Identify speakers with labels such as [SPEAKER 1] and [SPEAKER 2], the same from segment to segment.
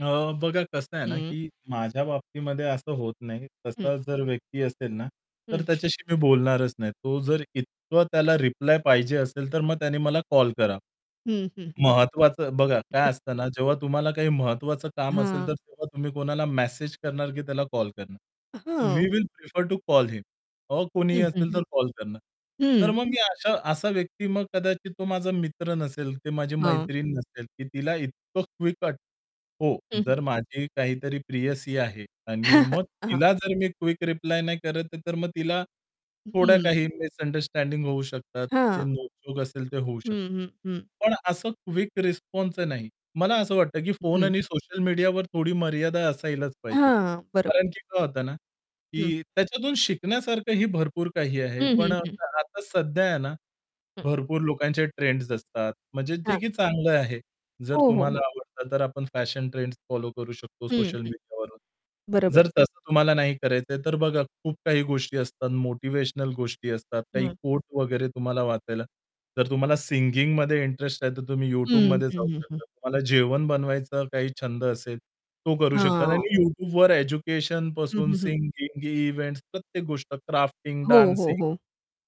[SPEAKER 1] अ, बघा कसं आहे ना,
[SPEAKER 2] हं.
[SPEAKER 1] की माझ्या बाबतीमध्ये असं होत नाही.
[SPEAKER 2] हं.
[SPEAKER 1] तसा जर व्यक्ती असेल ना, तर
[SPEAKER 2] हं.
[SPEAKER 1] त्याच्याशी मी बोलणारच नाही. तो जर इतकं त्याला रिप्लाय पाहिजे असेल तर मग त्याने मला कॉल करा.
[SPEAKER 2] हं, हं, हं.
[SPEAKER 1] महत्वाचं बघा काय असतं ना जेव्हा तुम्हाला काही महत्त्वाचं काम असेल
[SPEAKER 2] हां.
[SPEAKER 1] तर तेव्हा तुम्ही कोणाला मेसेज करणार की त्याला कॉल करणार. वी
[SPEAKER 2] हां.
[SPEAKER 1] Will prefer to call him uh, कोणीही
[SPEAKER 2] हं,
[SPEAKER 1] असेल
[SPEAKER 2] हं,
[SPEAKER 1] तर कॉल करणार. तर
[SPEAKER 2] हं.
[SPEAKER 1] मग मी अशा असा व्यक्ती मग कदाचित तो माझा मित्र नसेल ते माझी
[SPEAKER 2] हां.
[SPEAKER 1] मैत्रीण नसेल की तिला इतकं क्विक हो.
[SPEAKER 2] हं, हं.
[SPEAKER 1] जर माझी काहीतरी प्रियसी आहे आणि मग
[SPEAKER 2] हां.
[SPEAKER 1] तिला जर मी क्विक रिप्लाय नाही करत तर मग तिला थोड्या
[SPEAKER 2] हं.
[SPEAKER 1] काही मिसअंडरस्टँडिंग होऊ शकतात. ते
[SPEAKER 2] हां.
[SPEAKER 1] नोक-झोक असेल ते होऊ
[SPEAKER 2] हं,
[SPEAKER 1] शकतं.
[SPEAKER 2] हं, हं.
[SPEAKER 1] पण असं क्विक रिस्पॉन्सच नाही. मला असं वाटतं की फोन
[SPEAKER 2] हं.
[SPEAKER 1] आणि सोशल मीडियावर थोडी मर्यादा असायलाच पाहिजे.
[SPEAKER 2] हां, बरोबर.
[SPEAKER 1] कारण की काय होतं ना,
[SPEAKER 2] हं.
[SPEAKER 1] की त्याच्यातून शिकण्यासारखंही भरपूर काही आहे.
[SPEAKER 2] हं,
[SPEAKER 1] पण
[SPEAKER 2] हं,
[SPEAKER 1] अ,
[SPEAKER 2] हं.
[SPEAKER 1] [unintelligible] आता सध्या आहे ना
[SPEAKER 2] हं.
[SPEAKER 1] भरपूर लोकांचे ट्रेंड्स असतात. म्हणजे जे
[SPEAKER 2] हां.
[SPEAKER 1] की चांगलं आहे, जर
[SPEAKER 2] हो, हो, हो.
[SPEAKER 1] तुम्हाला आवडत तर आपण फॅशन ट्रेंड्स फॉलो करू शकतो
[SPEAKER 2] हं,
[SPEAKER 1] सोशल
[SPEAKER 2] हं.
[SPEAKER 1] मीडियावरून.
[SPEAKER 2] बरोबर.
[SPEAKER 1] जर तसं तुम्हाला नाही करायचंय, तर बघा खूप काही गोष्टी असतात, मोटिव्हेशनल गोष्टी असतात, काही
[SPEAKER 2] हं.
[SPEAKER 1] कोट वगैरे तुम्हाला वाचायला. जर तुम्हाला सिंगिंगमध्ये इंटरेस्ट आहे, तर तुम्ही
[SPEAKER 2] हं,
[SPEAKER 1] YouTubeमध्ये
[SPEAKER 2] हं,
[SPEAKER 1] जाऊ
[SPEAKER 2] हं, हं.
[SPEAKER 1] शकता. तुम्हाला जेवण बनवायचा काही छंद असेल तो करू शकता
[SPEAKER 2] हां.
[SPEAKER 1] आणि YouTubeवर एज्युकेशन
[SPEAKER 2] हं,
[SPEAKER 1] पासून
[SPEAKER 2] हं, हं.
[SPEAKER 1] सिंगिंग, इव्हेंट्स प्रत्येक गोष्ट क्राफ्टिंग,
[SPEAKER 2] हो, हो,
[SPEAKER 1] डान्सिंग,
[SPEAKER 2] हो.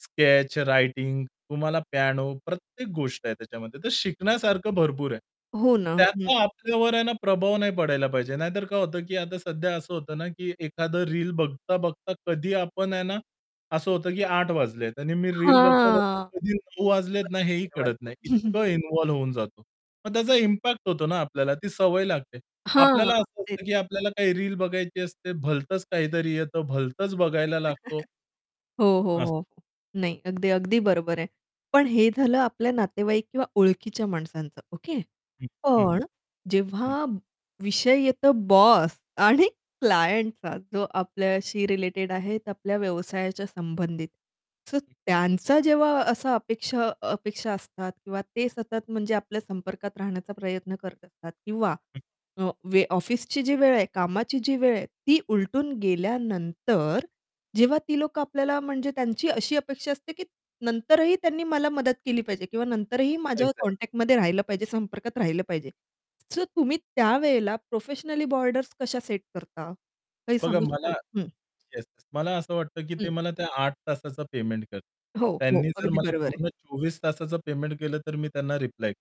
[SPEAKER 1] स्केच, रायटिंग, तुम्हाला पियानो प्रत्येक गोष्ट आहे त्याच्यामध्ये. तर शिकण्यासारखं भरपूर आहे.
[SPEAKER 2] हो ना, हं.
[SPEAKER 1] त्याचा आपल्यावर आहे ना प्रभाव नाही पडायला पाहिजे. नाहीतर काय होतं की आता सध्या असं होतं ना, की एखादं रील बघता, बघता कधी आपण आहे ना असं होतं की 8:00 वाजलेत आणि मी रील बघता-बघता
[SPEAKER 2] हां.
[SPEAKER 1] कधी 9:00 वाजलेत ना
[SPEAKER 2] [unintelligible]
[SPEAKER 1] हेही
[SPEAKER 2] बरोबर.
[SPEAKER 1] कळत नाही. इतकं इन्व्हॉल्व होऊन जातो. मग त्याचा इम्पॅक्ट होतो ना आपल्याला ती सवय लागते.
[SPEAKER 2] हां.
[SPEAKER 1] आपल्याला असं
[SPEAKER 2] ते
[SPEAKER 1] असतं की आपल्याला काही रील बघायची असते भलतंच काहीतरी येतं, भलतंच बघायला लागतो.
[SPEAKER 2] हो, हो,
[SPEAKER 1] अस
[SPEAKER 2] हो, नाही. अगदी, अगदी बरोबर आहे. पण हे झालं आपल्या नातेवाईक किंवा ओळखीच्या माणसांचं ओके.
[SPEAKER 1] हं. हं, हं.
[SPEAKER 2] पण
[SPEAKER 1] हं.
[SPEAKER 2] जेव्हा विषय येतो बॉस आणि क्लायंटचा जो
[SPEAKER 1] हं.
[SPEAKER 2] आपल्याशी रिलेटेड आहे आपल्या व्यवसायाच्या संबंधित. सो
[SPEAKER 1] हं.
[SPEAKER 2] त्यांचा जेव्हा असा अपेक्षा अ, अपेक्षा असतात किंवा ते सतत म्हणजे आपल्या संपर्कात राहण्याचा प्रयत्न करत असतात किंवा
[SPEAKER 1] हं.
[SPEAKER 2] अ, वे ऑफिसची जी वेळ आहे कामाची जी वेळ आहे ती उलटून गेल्यानंतर, जेव्हा ती लोकं आपल्याला म्हणजे त्यांची अशी अपेक्षा असते की नंतरही त्यांनी मला मदत केली पाहिजे किंवा नंतरही माझ्या
[SPEAKER 1] एक्झॅक्टली.
[SPEAKER 2] कॉन्टॅक्टमध्ये राहिलं पाहिजे संपर्कात राहिलं पाहिजे. सो तुम्ही त्यावेळेला प्रोफेशनल बॉर्डर्स कशा सेट करता? काही
[SPEAKER 1] बघा
[SPEAKER 2] सांगू
[SPEAKER 1] मला
[SPEAKER 2] शकाल? हं
[SPEAKER 1] येस, येस. मला असं वाटतं की ते
[SPEAKER 2] हं.
[SPEAKER 1] मला त्या 8:00 तासाचं पेमेंट करतील.
[SPEAKER 2] हो, हो,
[SPEAKER 1] त्यांनी जर
[SPEAKER 2] अगदी
[SPEAKER 1] मला
[SPEAKER 2] बरोबर आहे.
[SPEAKER 1] पूर्ण 24 तासाचं पेमेंट केलं, तर मी त्यांना रिप्लाय